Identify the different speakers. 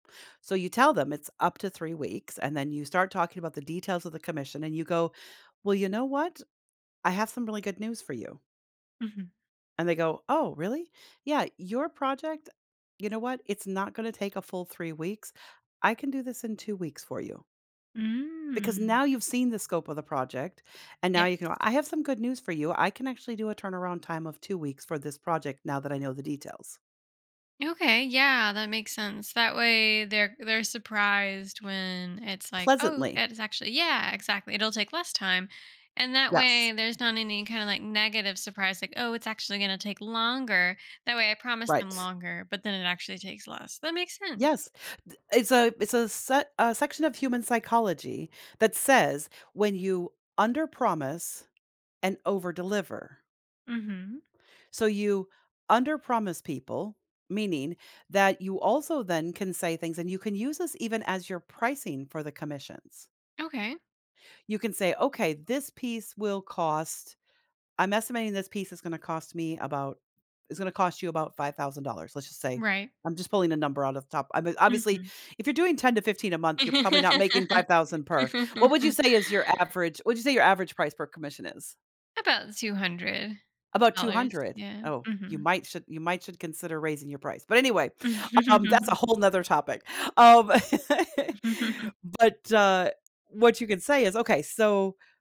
Speaker 1: So you tell them it's up to 3 weeks, and then you start talking about the details of the commission, and you go, "Well, you know what? I have some really good news for you."
Speaker 2: Mhm.
Speaker 1: And they go, "Oh, really?" "Yeah, your project you know what? It's not gonna take a full 3 weeks, I can do this in 2 weeks for you." Because
Speaker 2: Mm.
Speaker 1: now you've seen the scope of the project, and now
Speaker 2: Yep.
Speaker 1: you can go, "I have some good news for you, I can actually do a turnaround time of 2 weeks for this project now that I know the details."
Speaker 2: Okay, yeah, that makes sense, that way, they're they're surprised when it's like, oh
Speaker 1: Pleasantly.
Speaker 2: it's actually yeah, exactly, it'll take less time, and that
Speaker 1: Yes.
Speaker 2: way there's not any, kinda, like, negative surprise like, "Oh, it's actually gonna take longer," That way I promise them
Speaker 1: Right.
Speaker 2: longer, but then it actually takes less, that makes sense.
Speaker 1: Yes. Th It's a it's a set a section of human psychology that says, when you underpromise and overdeliver.
Speaker 2: Mhm.
Speaker 1: So you underpromise people, meaning that you also then can say things, and you can use this even as your pricing for the commissions.
Speaker 2: Okay.
Speaker 1: You can say, "Okay, this piece will cost I'm estimating this piece is gonna cost me about" it's gonna cost you about $5,000, let's just say,
Speaker 2: Right.
Speaker 1: I'm just pulling a number out of the top I mean, obviously,
Speaker 2: Mhm.
Speaker 1: if you're doing 10-15 a month, you're probably not making 5,000 per. What would you say is your average what would you say your average price per commission is?
Speaker 2: About $200
Speaker 1: About two
Speaker 2: dollars,
Speaker 1: hundred?
Speaker 2: yeah,
Speaker 1: Oh, you
Speaker 2: mhm.
Speaker 1: might should you might should consider raising your price, but, anyway, um, that's a whole 'nother topic, um but, uh, what you could say is, "Okay, so"